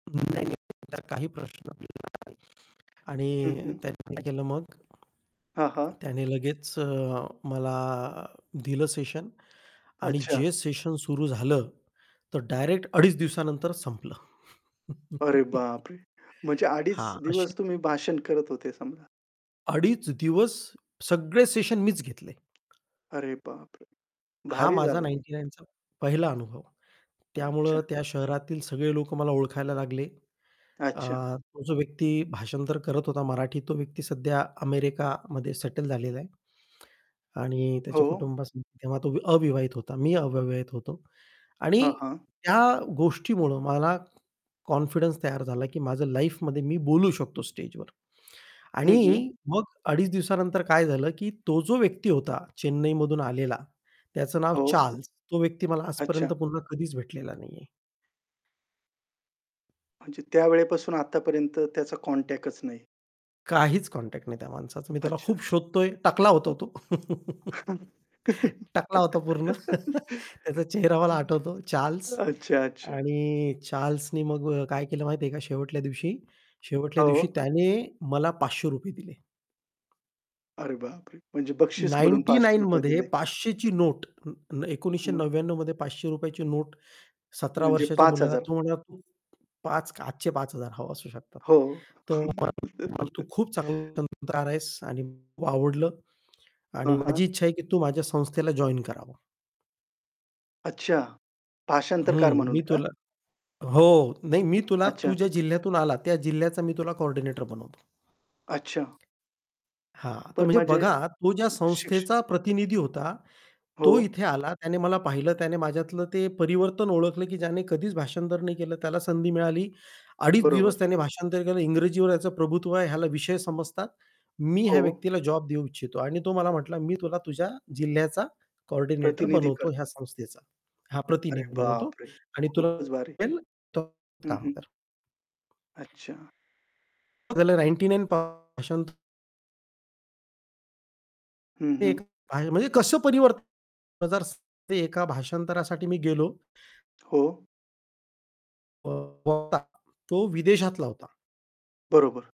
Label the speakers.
Speaker 1: नाही, नाही. तसला काही प्रश्न पडला नाही
Speaker 2: हं,
Speaker 1: आणि
Speaker 2: हं.
Speaker 1: त्यांनी केलं मग
Speaker 2: हां, हां.
Speaker 1: त्याने लगेच अ, मला दिलं सेशन आणि
Speaker 2: अच्छा.
Speaker 1: जे सेशन सुरू झालं तर डायरेक्ट 2.5 दिवसानंतरच संपलं.
Speaker 2: अरे, बापरे! म्हणजे 2.5
Speaker 1: हां, अशी
Speaker 2: दिवस तुम्ही भाषण करत होते समजा.
Speaker 1: 2.5 दिवस सगळे सेशन मीच घेतले.
Speaker 2: अरे बाप रे!
Speaker 1: हा
Speaker 2: भारी
Speaker 1: माझा
Speaker 2: झालं हे.
Speaker 1: 99 चा पहिला अनुभव. त्यामुळं
Speaker 2: अच्छा.
Speaker 1: त्या शहरातील सगळे लोकं मला ओळखायला लागले. अ,
Speaker 2: अच्छा.
Speaker 1: तो जो व्यक्ती भाषांतर करत होता मराठी, तो व्यक्ती सध्या अमेरिकामध्ये सेटल झालेला आहे आणि त्याच्या
Speaker 2: हो.
Speaker 1: कुटुंबा [unintelligible] तेव्हा तो अविवाहित होता, मी अविवाहित होतो आणि
Speaker 2: हां, हां.
Speaker 1: त्या गोष्टीमुळं मला कॉन्फिडन्स तयार झाला, की माझं लाईफमध्ये मी बोलू शकतो स्टेजवर
Speaker 2: हं, हं.
Speaker 1: आणि मग 2.5 दिवसानंतर काय झालं, की तो जो व्यक्ती होता, चेन्नईमधून आलेला, त्याचं नाव
Speaker 2: हो.
Speaker 1: चार्ल्स. तो व्यक्ती मला
Speaker 2: अच्छा.
Speaker 1: आजपर्यंत पुन्हा कधीच भेटलेला नाहीये.
Speaker 2: म्हणजे त्यावेळेपासून आतापर्यंत त्याचा कॉन्टॅक्टच नाही.
Speaker 1: काहीच कॉन्टॅक्ट नाही त्या माणसाचा. मी त्याला खूप
Speaker 2: अच्छा-अच्छा.
Speaker 1: शोधतोय, टकला होतो तो. टकला होता पूर्ण. त्याचा चेहरा मला आठवतो, चार्ल्स
Speaker 2: अच्छा, अच्छा.
Speaker 1: आणि चार्ल्सनी मग अ, काय केलं माहिती आहे का? शेवटच्या दिवशी, शेवटच्या दिवशी
Speaker 2: हो.
Speaker 1: त्याने मला ₹500 दिले.
Speaker 2: अरे बापरे! म्हणजे बक्षीस म्हणून
Speaker 1: नाइन्टी
Speaker 2: पाचशे
Speaker 1: नाईन
Speaker 2: रुपये
Speaker 1: मध्ये
Speaker 2: दिले.
Speaker 1: 500 ची नोट, न एकोणीसशे
Speaker 2: मग?
Speaker 1: नव्व्याण्णव मध्ये ₹500 ची नोट, 17
Speaker 2: म्हणजे
Speaker 1: वर्षाच्या
Speaker 2: पाच
Speaker 1: मुलाला
Speaker 2: हजार
Speaker 1: थोडं [unintelligible] 5 आजचे 5,000 हो, असू शकतात.
Speaker 2: हो.
Speaker 1: तो परंतु खूप चांगला [unintelligible] आहेस आणि खूप आवडलं
Speaker 2: हां,
Speaker 1: आणि
Speaker 2: हां.
Speaker 1: माझी इच्छा आहे, की तू माझ्या संस्थेला जॉइन करावं.
Speaker 2: अच्छा, भाषांतरकार
Speaker 1: हं,
Speaker 2: म्हणून
Speaker 1: मी
Speaker 2: का?
Speaker 1: तुला हो, नाही मी तुला तू
Speaker 2: अच्छा.
Speaker 1: ज्या जिल्ह्यातून आला त्या जिल्ह्याचा मी तुला कोऑर्डिनेटर बनवतो.
Speaker 2: अच्छा.
Speaker 1: हां, तर
Speaker 2: पण
Speaker 1: म्हणजे
Speaker 2: माझे
Speaker 1: बघा, तो ज्या
Speaker 2: शिक्ष
Speaker 1: संस्थेचा प्रतिनिधी होता तो
Speaker 2: हो.
Speaker 1: इथे आला, त्याने मला पाहिलं त्याने माझ्यातलं ते परिवर्तन ओळखलं, की ज्याने कधीच भाषांतर नाही केलं, त्याला संधी मिळाली. 2.5 दिवस
Speaker 2: बरोबर.
Speaker 1: त्याने भाषांतर केलं इंग्रजीवर याचं प्रभुत्व आहे, ह्याला विषय समजतात. मी ह्या
Speaker 2: हो.
Speaker 1: व्यक्तीला जॉब देऊ इच्छितो आणि तो मला म्हटला, "मी तुला तुझ्या जिल्ह्याचा कोऑर्डिनेटर
Speaker 2: प्रतिनिधी
Speaker 1: बनवतो ह्या
Speaker 2: करतो.
Speaker 1: संस्थेचा. हां,
Speaker 2: अरे
Speaker 1: प्रतिनिधी बनवतो
Speaker 2: बापरे!
Speaker 1: आणि तुला
Speaker 2: खूपच भारी.
Speaker 1: [unintelligible]
Speaker 2: हं,
Speaker 1: काम
Speaker 2: हं.
Speaker 1: कर."
Speaker 2: अच्छा.
Speaker 1: झालं 99 [unintelligible]
Speaker 2: हं,
Speaker 1: ते
Speaker 2: हं.
Speaker 1: एक आहे. म्हणजे कसं परिवर्तन [unintelligible] ते एका भाषांतरासाठी मी गेलो
Speaker 2: हो.
Speaker 1: [unintelligible] तो विदेशातला होता.
Speaker 2: बरोबर.